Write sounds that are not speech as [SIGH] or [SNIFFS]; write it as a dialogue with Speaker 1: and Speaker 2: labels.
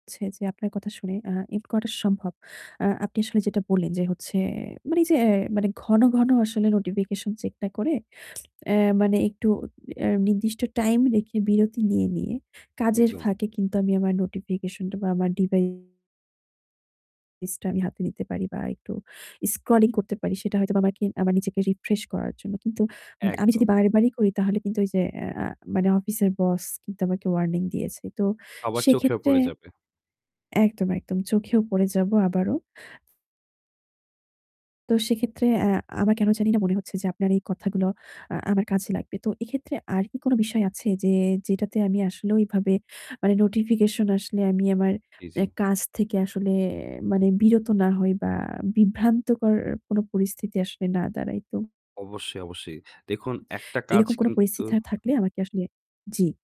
Speaker 1: ছে যে আপনার কথা শুনে, আ এটা করা সম্ভব। আ আপনি আসলে যেটা বললেন, যে হচ্ছে মানে যে মানে ঘন, ঘন আসলে notification check না করে, [SNIFFS] অ্যা মানে একটু অ্যা নির্দিষ্ট time রেখে বিরতি নিয়ে, নিয়ে কাজের
Speaker 2: একদম।
Speaker 1: ফাঁকে কিন্তু আমি আমার notification বা আমার ডিবা device টা আমি হাতে নিতে পারি বা একটু scrolling করতে পারি। সেটা হয়তোবা আমাকে আমার নিজেকে refresh করার জন্য। কিন্তু মি আমি যদি
Speaker 2: একদম।
Speaker 1: বারে, বারেই করি তাহলে কিন্তু ওই যে অ্যা আ মানে অফিসের boss কিন্তু আমাকে warning দিয়েছে। তো
Speaker 2: আবার চোখেও
Speaker 1: সেক্ষেত্রে
Speaker 2: পড়ে যাবে।
Speaker 1: একদম, একদম চোখেও পড়ে যাব আবারও। তো সেক্ষেত্রে, অ্যা আমার কেন জানিনা মনে হচ্ছে যে আপনার এই কথাগুলো আ আমার কাজে লাগবে। তো এক্ষেত্রে আর কি কোন বিষয় আছে যে যেটাতে আমি আসলে ওইভাবে মানে notification আসলে আমি আমার
Speaker 2: জি,
Speaker 1: অ্যা
Speaker 2: জি।
Speaker 1: কাজ থেকে আসলে মানে বিরত না হই বা বিভ্রান্তিকর কোন পরিস্থিতিতে আসলে না দাঁড়াই তো?
Speaker 2: অবশ্যই, অবশ্যই। দেখুন একটা কাজ
Speaker 1: এরকম কোন পরিস্থিতি
Speaker 2: কিন্তু
Speaker 1: থা থাকলে আমাকে আসলে জি